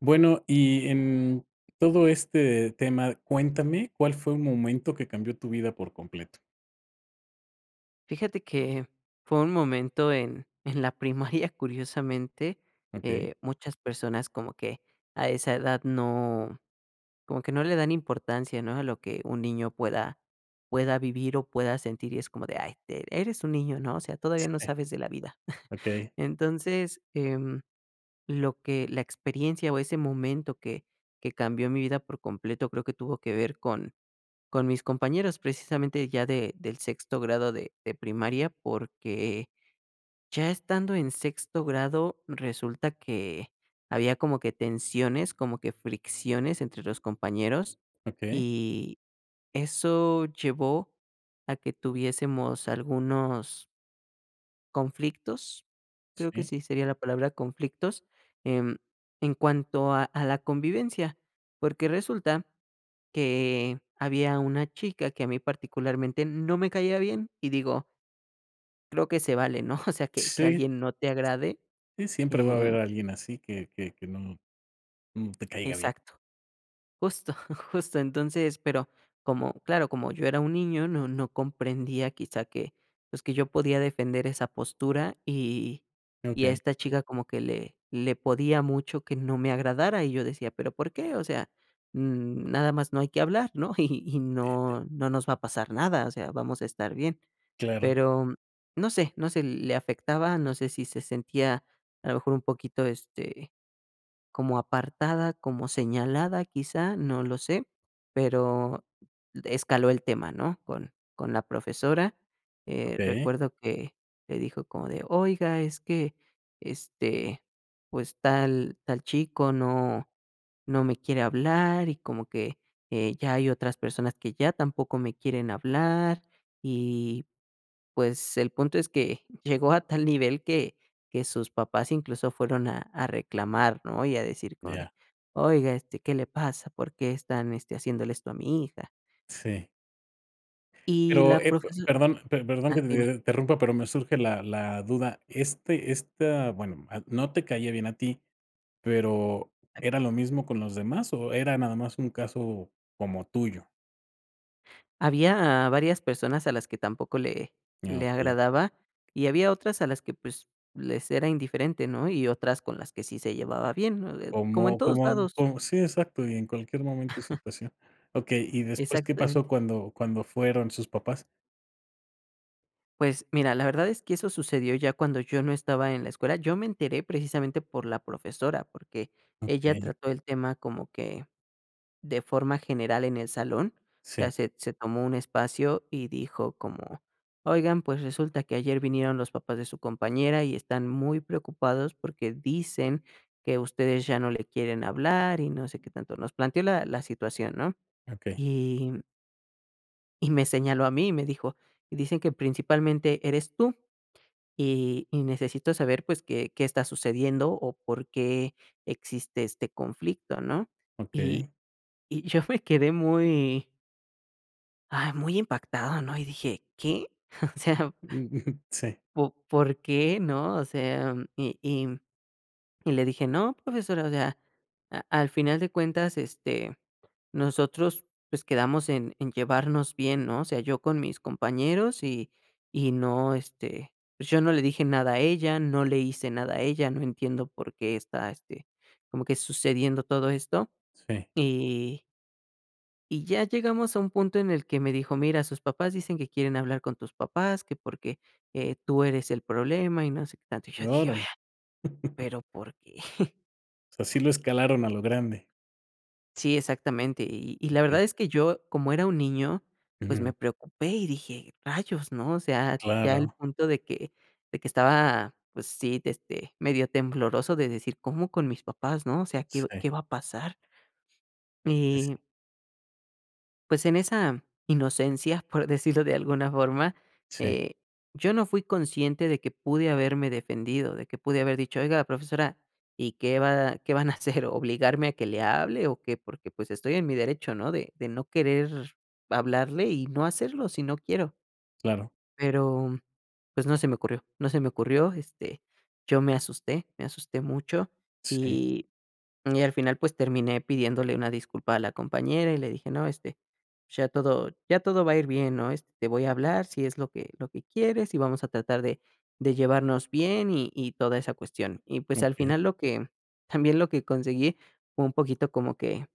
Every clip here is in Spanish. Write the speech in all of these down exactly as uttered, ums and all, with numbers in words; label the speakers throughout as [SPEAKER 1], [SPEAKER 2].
[SPEAKER 1] Bueno, y en todo este tema cuéntame, ¿cuál fue un momento, que cambió tu vida por completo?
[SPEAKER 2] Fíjate que fue un momento, en en la primaria, curiosamente,
[SPEAKER 1] Okey.
[SPEAKER 2] eh, muchas personas como que a esa edad no, como que no le dan importancia, ¿no? A lo que un niño pueda pueda vivir, o pueda sentir, y es como de, ay, de eres un niño, ¿no? O sea, todavía no
[SPEAKER 1] Sí.
[SPEAKER 2] sabes de la vida.
[SPEAKER 1] Okey.
[SPEAKER 2] Entonces, em, lo que, la experiencia o ese momento que que cambió mi vida por completo, creo que tuvo que ver con con mis compañeros, precisamente ya de del sexto grado de de primaria, porque, ya estando en sexto grado, resulta que había como que tensiones, como que fricciones entre los compañeros,
[SPEAKER 1] Okey.
[SPEAKER 2] y eso llevó a que tuviésemos algunos conflictos, creo que
[SPEAKER 1] Sí.
[SPEAKER 2] sí sería la palabra conflictos, em, en cuanto a a la convivencia, porque resulta que había una chica que a mí particularmente, no me caía bien y digo creo que se vale, ¿no? O sea, que que
[SPEAKER 1] Sí.
[SPEAKER 2] alguien no te agrade,
[SPEAKER 1] Sí, siempre va a haber
[SPEAKER 2] eh
[SPEAKER 1] alguien así, que que que no, n te caiga bien.
[SPEAKER 2] Exacto. Justo, justo, entonces, pero como, claro, como yo era un niño, no no comprendía quizá que, pues, que yo podía defender esa postura. Y y a
[SPEAKER 1] Okey.
[SPEAKER 2] esta chica como que le le podía mucho que no me agradara y yo decía, ¿pero por qué? O sea, mm, nada más no hay que hablar, ¿no? Y y
[SPEAKER 1] Y, eh
[SPEAKER 2] no no nos va a pasar nada, o sea, vamos a estar bien,
[SPEAKER 1] Claro.
[SPEAKER 2] pero no sé no sé, le afectaba, no sé si se sentía a lo mejor un poquito, este, como apartada, como señalada quizá, no lo sé, pero escaló el tema, ¿no? Con con la profesora. Eh,
[SPEAKER 1] Okey.
[SPEAKER 2] recuerdo que le dijo como de: "Oiga, es que, este, pues tal tal chico, no no me quiere hablar, y como que, eh, ya hay otras personas que ya tampoco me quieren hablar" y, pues, el punto es que llegó a tal nivel, que que sus papás incluso fueron a a reclamar, ¿no? Y a decir como de:
[SPEAKER 1] Ya.
[SPEAKER 2] "Oiga, este, ¿qué le pasa?, ¿por qué están, este, haciéndole esto a mi hija?
[SPEAKER 1] Sí.
[SPEAKER 2] Y
[SPEAKER 1] Pero,
[SPEAKER 2] la
[SPEAKER 1] eh, p
[SPEAKER 2] profeso
[SPEAKER 1] perdón, pe perdón
[SPEAKER 2] ah,
[SPEAKER 1] que
[SPEAKER 2] dime.
[SPEAKER 1] te interrumpa, pero, me surge la la duda. Este esta bueno, ah, no te caía bien a ti. Pero, ¿era lo mismo con los demás, o era nada más un caso, como tuyo?
[SPEAKER 2] Había varias personas a las que tampoco le
[SPEAKER 1] Ah,
[SPEAKER 2] le
[SPEAKER 1] okey.
[SPEAKER 2] agradaba y había otras a las que, pues, les era indiferente, ¿no?, y otras con las que sí se llevaba bien, ¿no?, de como en
[SPEAKER 1] Como
[SPEAKER 2] todos
[SPEAKER 1] como
[SPEAKER 2] lados.
[SPEAKER 1] como sí exacto, y en cualquier momento y situación, okey y después, ¿qué pasó
[SPEAKER 2] Exactamente.
[SPEAKER 1] cuando cuando fueron sus papás?
[SPEAKER 2] Pues mira, la verdad es que eso sucedió ya cuando yo no estaba en la escuela, yo me enteré precisamente por la profesora, porque ella
[SPEAKER 1] Okey.
[SPEAKER 2] trató el tema como que, de forma general en el salón, ya
[SPEAKER 1] Sí.
[SPEAKER 2] se se tomó un espacio y dijo como: "Oigan, pues resulta que ayer vinieron los papás de su compañera y están muy preocupados porque dicen que ustedes ya no le quieren hablar", y no sé qué tanto, nos planteó la la situación, ¿no?,
[SPEAKER 1] Okey.
[SPEAKER 2] y y me señaló a mí y me dijo: "Dicen que principalmente eres tú, y y necesito saber, pues, ¿qué qué está sucediendo o por qué existe este conflicto?", ¿no?, y
[SPEAKER 1] Okey.
[SPEAKER 2] y yo me quedé muy ay, muy impactado, ¿no?, y dije: "¿Qué?". O sea
[SPEAKER 1] U ujú, sí.
[SPEAKER 2] ¿Po por qué? ¿No?, o sea, y y y le dije: "No, profesora", o sea, a al final de cuentas, este, nosotros, pues, quedamos en en llevarnos bien, ¿no?, o sea, yo con mis compañeros y y no este, pues, yo no le dije nada a ella, no le hice nada a ella, no entiendo por qué está, este, como que sucediendo todo esto
[SPEAKER 1] Sí.
[SPEAKER 2] y y ya llegamos a un punto en el que me dijo: "Mira sus papás dicen que quieren hablar con tus papás, que porque, eh, tú eres el problema", y no sé qué tanto y yo dije:
[SPEAKER 1] Órale.
[SPEAKER 2] "Vea, pero ¿por qué?"
[SPEAKER 1] O sea, sí lo escalaron a lo grande.
[SPEAKER 2] Sí, exactamente, y y la
[SPEAKER 1] Okey.
[SPEAKER 2] verdad es que yo como era un niño, pues,
[SPEAKER 1] Ujú.
[SPEAKER 2] me preocupé y dije: "Rayos", ¿no?, o sea, ya el
[SPEAKER 1] Claro.
[SPEAKER 2] punto de que de que estaba, pues sí, este, medio tembloroso de decir: "¿Cómo con mis papás?, ¿no?, o sea, ¿qué qué
[SPEAKER 1] Sí.
[SPEAKER 2] va a pasar?"
[SPEAKER 1] Pues
[SPEAKER 2] Y
[SPEAKER 1] sí.
[SPEAKER 2] Pues, en esa inocencia, por decirlo de alguna forma,
[SPEAKER 1] Sí.
[SPEAKER 2] eh, yo no fui consciente de que pude haberme defendido, de que pude haber dicho: "Oiga, profesora, ¿y qué va qué van a hacer?, obligarme a que le hable, ¿o qué?", porque pues estoy en mi derecho, ¿no?, de de no querer hablarle y no hacerlo si no quiero.
[SPEAKER 1] Claro.
[SPEAKER 2] Pero, pues, no se me ocurrió, no se me ocurrió, este, yo me asusté, me asusté mucho,
[SPEAKER 1] Sí.
[SPEAKER 2] y y al final pues, terminé pidiéndole una disculpa a la compañera, y le dije: "No, este, ya todo ya todo va a ir bien, ¿no?, este, te voy a hablar si es lo que lo que quieres, y vamos a tratar de de llevarnos bien, y y toda esa cuestión", y, pues, al
[SPEAKER 1] Okey.
[SPEAKER 2] final lo que también, lo que conseguí fue un poquito como que,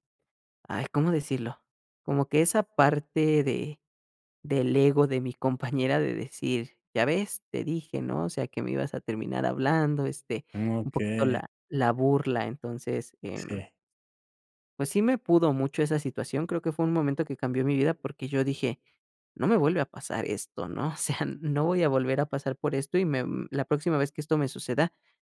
[SPEAKER 2] ay, ¿cómo decirlo?, como que esa parte de del ego de mi compañera de decir: "Ya ves, te dije, ¿no?, o sea, que me ibas a terminar hablando", este, un poquito
[SPEAKER 1] Okey.
[SPEAKER 2] la la burla, entonces, em.
[SPEAKER 1] Sí.
[SPEAKER 2] Pues sí me pudo mucho esa situación, creo que fue un momento que cambió mi vida porque yo dije: "No me vuelve a pasar esto, ¿no?", o sea, no voy a volver a pasar por esto y me mm, la próxima vez que esto me suceda,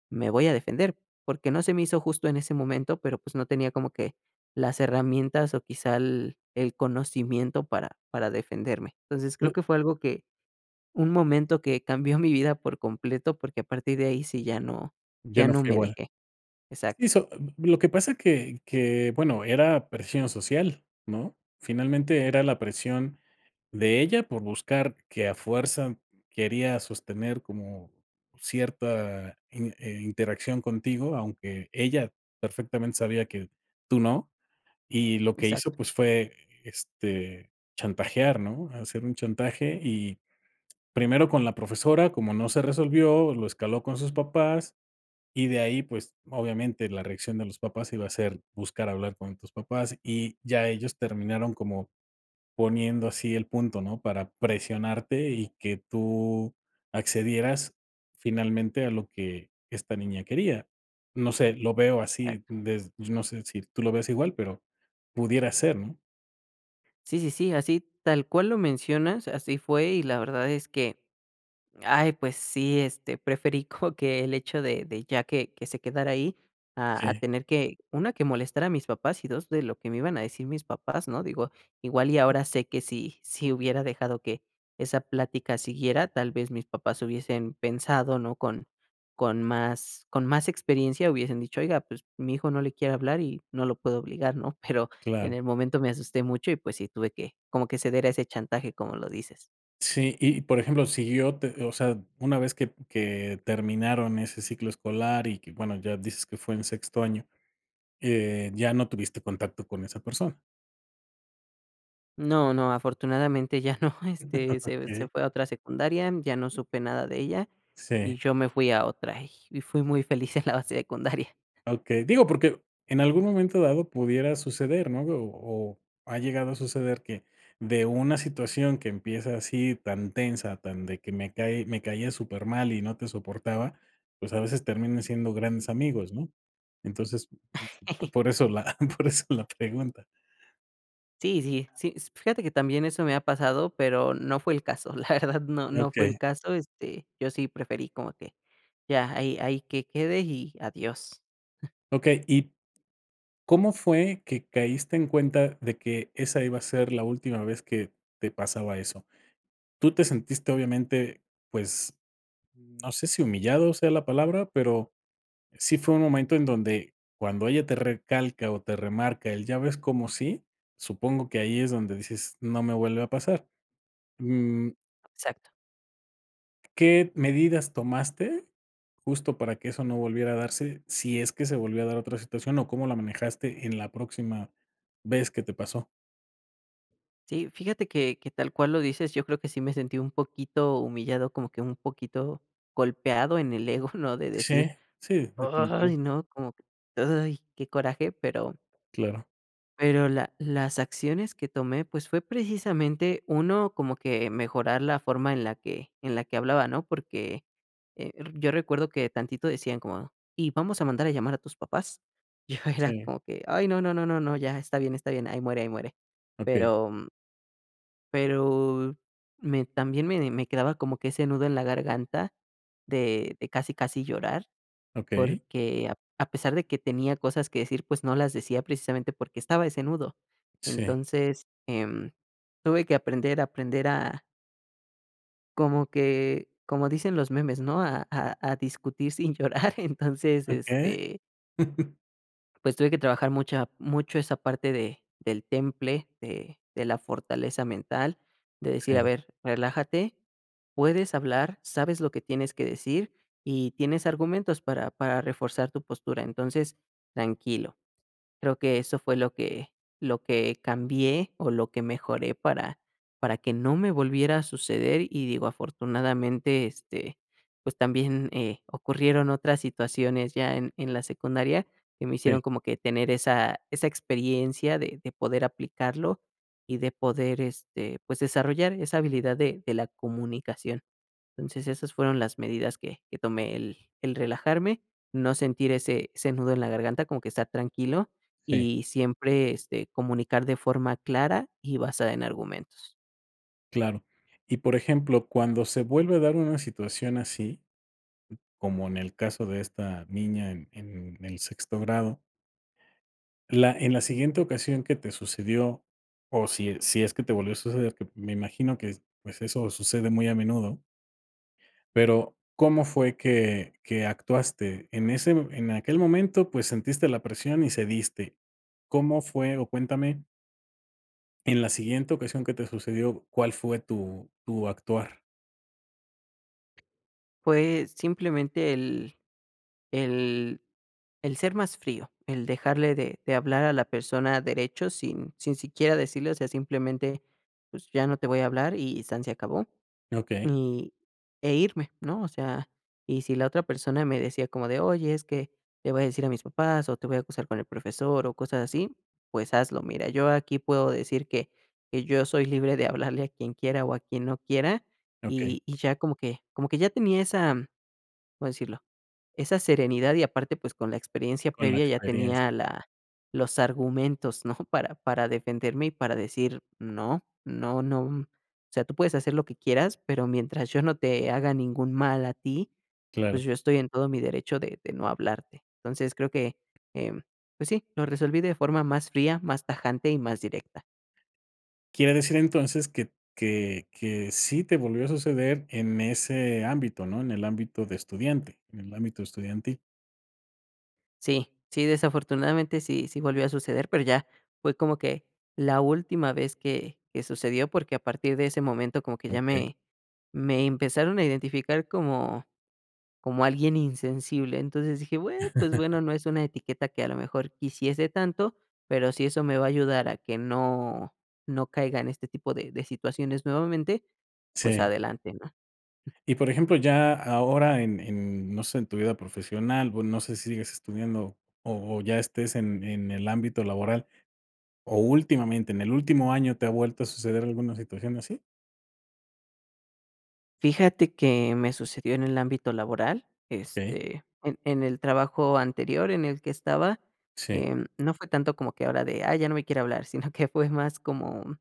[SPEAKER 2] me voy a defender, porque no se me hizo justo en ese momento, pero pues, no tenía como que, las herramientas o quizá el el conocimiento para para defenderme, entonces, creo
[SPEAKER 1] Pues
[SPEAKER 2] que fue algo que, un momento que cambió mi vida por completo porque a partir de ahí sí ya no
[SPEAKER 1] Ya
[SPEAKER 2] ya
[SPEAKER 1] no
[SPEAKER 2] no
[SPEAKER 1] fue
[SPEAKER 2] me
[SPEAKER 1] igual.
[SPEAKER 2] dejé,
[SPEAKER 1] Si
[SPEAKER 2] exacto.
[SPEAKER 1] so lo que pasa que que, bueno, era presión social, ¿no?, finalmente era la presión, de ella por buscar que a fuerza quería sostener como cierta, in eh, interacción contigo, aunque ella perfectamente sabía, que tú no, y lo que hizo,
[SPEAKER 2] Exacto.
[SPEAKER 1] pues fue, este, chantajear, ¿no?, hacer un chantaje, y, primero con la profesora como no se resolvió, lo escaló con sus papás, y de ahí, pues, obviamente, la reacción de los papás iba a ser buscar hablar con tus papás, y ya ellos terminaron como poniendo así el punto, ¿no?, para presionarte y que tú accedieras finalmente a lo que esta niña quería, no sé, lo veo así,
[SPEAKER 2] Exacto.
[SPEAKER 1] des no sé si tú lo veas igual, pero pudiera ser, ¿no?
[SPEAKER 2] Sí, sí, sí, así tal cual lo mencionas, así fue y la verdad es que, ay, pues sí, este, preferí como que el hecho, de de ya que que se quedara ahí a a
[SPEAKER 1] Sí.
[SPEAKER 2] tener que, una que molestar a mis papás y dos de lo que me iban a decir mis papás, ¿no? Digo, igual y ahora sé que si si hubiera dejado que esa plática siguiera, tal vez mis papás hubiesen pensado, ¿no? Con con más con más experiencia hubiesen dicho: "Oiga, pues mi hijo no le quiere hablar y no lo puedo obligar, ¿no?" Pero, en
[SPEAKER 1] Claro.
[SPEAKER 2] el momento me asusté mucho y, pues sí, tuve que, como que ceder a ese chantaje, como lo dices.
[SPEAKER 1] Sí, y por ejemplo, si yo te, o sea, una vez que que terminaron ese ciclo escolar, y que bueno ya dices que fue en sexto año, eh, ¿ya no tuviste contacto con esa persona?
[SPEAKER 2] No no, afortunadamente ya no, este, se se
[SPEAKER 1] Okey.
[SPEAKER 2] fue a otra secundaria, ya no supe nada de ella
[SPEAKER 1] Sí.
[SPEAKER 2] y yo me fui a otra, y y fui muy feliz en la secundaria.
[SPEAKER 1] Okey, digo porque en algún momento dado pudiera suceder, ¿no? O o ha llegado a suceder que de una situación que empieza así tan tensa, tan de que me cae me caías súper mal y no te soportaba, pues, a veces terminan siendo grandes amigos, ¿no? Entonces [unintelligible] por eso la por eso la pregunta.
[SPEAKER 2] Sí, sí, sí, esp f fíjate que también eso me ha pasado, pero, no fue el caso, la verdad no no fue el
[SPEAKER 1] Okey.
[SPEAKER 2] caso, este, yo sí preferí como que ya, ahí ahí que quede y adiós.
[SPEAKER 1] Okey, y, ¿cómo fue que caíste en cuenta de que esa iba a ser la última vez que te pasaba eso? Tú te sentiste obviamente, pues, no sé si humillado, sea la palabra, pero, sí fue un momento en donde cuando ella te recalca, o te remarca el: "¿Ya ves, como sí?" Supongo que ahí es donde dices: "No me vuelve a pasar". Mm.
[SPEAKER 2] Exacto.
[SPEAKER 1] ¿Qué medidas tomaste justo para que eso no volviera a darse? Si es que se volvió a dar otra situación, o, ¿cómo la manejaste en la próxima vez que te pasó?
[SPEAKER 2] Sí, fíjate que que tal cual lo dices, yo creo que sí me sentí un poquito humillado, como que un poquito golpeado en el ego, ¿no? De decir:
[SPEAKER 1] Sí, sí, definitivo.
[SPEAKER 2] "Ay, no, como que, uy, qué coraje", pero
[SPEAKER 1] Claro.
[SPEAKER 2] pero la las acciones que tomé, pues, fue precisamente uno como que mejorar la forma en la que en la que hablaba, ¿no? Porque, eh, r yo recuerdo que tantito decían como: "Y vamos a mandar a llamar a tus papás". Yo era
[SPEAKER 1] Sí.
[SPEAKER 2] como que: "Ay, no, no, no, no, ya está bien, está bien, ahí muere, ahí muere".
[SPEAKER 1] Okey.
[SPEAKER 2] Pero, m pero, me también me de me quedaba como que ese nudo en la garganta de de casi casi llorar,
[SPEAKER 1] Okey.
[SPEAKER 2] porque ap a pesar de que tenía cosas que decir, pues, no las decía precisamente porque estaba ese nudo.
[SPEAKER 1] Sí.
[SPEAKER 2] Entonces, em, tuve que aprender aprender a Como que, como dicen los memes, ¿no? A a a discutir sin llorar, entonces
[SPEAKER 1] Okey.
[SPEAKER 2] este Pues tuve que trabajar mucha mucho esa parte de del temple de de la fortaleza mental, de decir: "A
[SPEAKER 1] Sí.
[SPEAKER 2] ver relájate, puedes hablar, sabes lo que tienes que decir, y tienes argumentos para para reforzar tu postura. Entonces, tranquilo", creo que eso fue lo que lo que cambié, o, lo que mejoré para para que no me volviera a suceder, y digo afortunadamente, este, pues, también, eh, ocurrieron otras situaciones ya en en la secundaria que me
[SPEAKER 1] Sí.
[SPEAKER 2] hicieron como que tener esa esa experiencia de de poder aplicarlo, y de poder, este, pues, desarrollar esa habilidad de de la comunicación. Entonces, esas fueron las medidas que que tomé el el relajarme, no sentir ese ese nudo en la garganta como que estar tranquilo,
[SPEAKER 1] Sí.
[SPEAKER 2] y siempre, este, comunicar de forma clara, y basada en argumentos.
[SPEAKER 1] Claro y, por ejemplo, ¿cuándo se vuelve a dar una situación así? Como en el caso de esta niña en en el sexto grado. La en la siguiente ocasión que te sucedió, o, si si es que te volvió a suceder, que me imagino que s pues, eso sucede muy a menudo. Pero, ¿cómo fue que que actuaste? En ese mome en aquel momento, pues, sentiste la presión y cediste, ¿cómo fue? O, cuéntame en la siguiente ocasión que te sucedió, ¿cuál fue tu tu actuar?
[SPEAKER 2] Fue simplemente el el el ser más frío, el dejarle de de hablar a la persona derecho, sin sin siquiera decirle, o sea, simplemente: "Pues, ya no te voy a hablar", y san se acabó,
[SPEAKER 1] Okey.
[SPEAKER 2] y e, irme, ¿no? O sea, y si la otra persona me decía como de: "Oye, es que le voy a decir a mis papás, o, te voy a acusar con el profesor", o, cosas así, pues, hazlo, mira, yo aquí puedo decir que que yo soy libre de hablarle a quien quiera, o, a quien no quiera,
[SPEAKER 1] Okey.
[SPEAKER 2] y y ya como que como que ya tenía esa, ¿cómo decirlo? Esa serenidad, y aparte, pues, con la experiencia
[SPEAKER 1] Con la
[SPEAKER 2] previa ya
[SPEAKER 1] experiencia.
[SPEAKER 2] tenía la los argumentos, ¿no? Para para defenderme, y para decir: "No, no, no. O sea, tú puedes hacer lo que quieras, pero mientras yo no te haga ningún mal a ti, pues,
[SPEAKER 1] Claro.
[SPEAKER 2] yo estoy en todo mi derecho de de no hablarte". Entonces, creo que, em, pues sí, lo resolví de forma más fría, más tajante y más directa.
[SPEAKER 1] Quiere decir entonces que que que sí te volvió a suceder en ese ámbito, ¿no? En el ámbito de estudiante, en el ámbito estudiantil.
[SPEAKER 2] Sí, sí, desafortunadamente sí, sí volvió a suceder, pero ya fue como que la última vez que que sucedió, porque a partir de ese momento como que ya
[SPEAKER 1] Okey.
[SPEAKER 2] me me empezaron a identificar como como alguien insensible. Entonces dije, bue pues bueno, no es una etiqueta que a lo mejor quisiese tanto, pero si eso me va a ayudar a que no no caiga en este tipo de situaciones nuevamente, pues
[SPEAKER 1] Sí.
[SPEAKER 2] adelante, ¿no?
[SPEAKER 1] Y por ejemplo, ya ahora en en no sé, en tu vida profesional bue no sé si sigas estudiando, o o ya estés en en el ámbito laboral o últimamente en el último año, ¿te ha vuelto a suceder alguna situación así?
[SPEAKER 2] Fíjate que me sucedió en el ámbito laboral,
[SPEAKER 1] Okey.
[SPEAKER 2] este, en en el trabajo anterior en el que estaba,
[SPEAKER 1] Sí.
[SPEAKER 2] eh, no fue tanto como que ahora de: "Ah, ya no me quiere hablar", sino que fue más como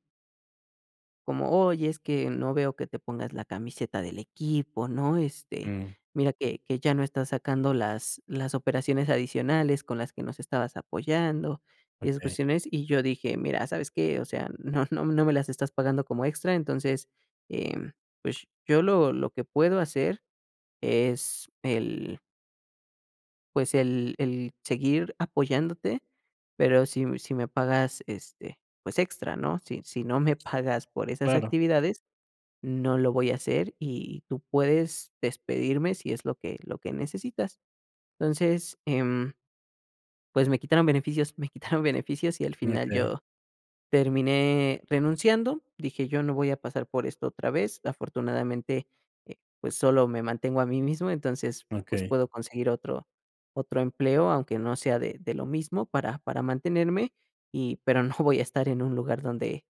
[SPEAKER 2] como: "Oye, es que no veo que te pongas la camiseta del equipo, ¿no? Este,
[SPEAKER 1] Mm.
[SPEAKER 2] mira que que ya no estás sacando las las operaciones adicionales con las que nos estabas apoyando". Esas
[SPEAKER 1] Okey.
[SPEAKER 2] cuestiones y yo dije: "Mira, ¿sabes que?, o sea, no no no me las estás pagando como extra, entonces eh, pues yo lo lo que puedo hacer es el" "pues, el el seguir apoyándote. Pero sí sí me pagas este, pues, extra, ¿no? Sí sí, no me pagas por esas
[SPEAKER 1] Claro.
[SPEAKER 2] actividades, no lo voy a hacer y tú puedes despedirme si es lo que lo que necesitas". Entonces, em, pues me quitaron beneficios, me quitaron beneficios y al final
[SPEAKER 1] Okey.
[SPEAKER 2] yo terminé renunciando, dije: "Yo no voy a pasar por esto otra vez". Afortunadamente, eh, pues solo me mantengo a mí mismo, entonces, pues
[SPEAKER 1] Okey.
[SPEAKER 2] puedo conseguir otro otro empleo aunque no sea de de lo mismo para para mantenerme y pero no voy a estar en un lugar donde,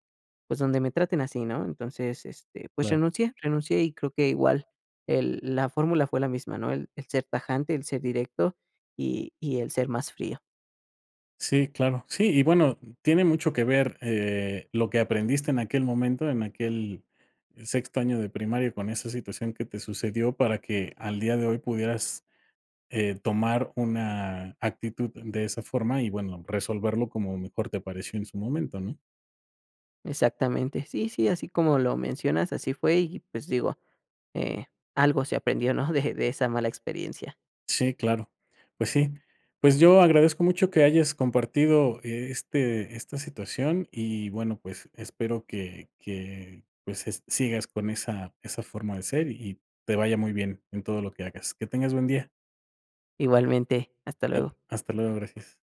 [SPEAKER 2] pues, donde me traten así, ¿no? Entonces, este, pues
[SPEAKER 1] Claro.
[SPEAKER 2] renuncié renuncié y creo que igual el la fórmula fue la misma, ¿no? El el ser tajante, el ser directo y y el ser más frío.
[SPEAKER 1] Sí, claro. Sí, y bueno, tiene mucho que ver, eh, lo que aprendiste en aquel momento, en aquel sexto año de primaria con esa situación que te sucedió para que al día de hoy pudieras, eh, tomar una actitud de esa forma y, bueno, resolverlo como mejor te apareció en su momento, ¿no?
[SPEAKER 2] Exactamente, sí, sí, así como lo mencionas, así fue y, pues digo, eh, algo se aprendió, ¿no? De de esa mala experiencia.
[SPEAKER 1] Sí, claro. Pues sí. Pues yo agradezco mucho que hayas compartido e este esta situación y bueno pues espero que que pues es sigas con esa esa forma de ser y te vaya muy bien en todo lo que hagas. Que tengas buen día.
[SPEAKER 2] Igualmente, hasta
[SPEAKER 1] Claro,
[SPEAKER 2] luego.
[SPEAKER 1] hasta luego, gracias.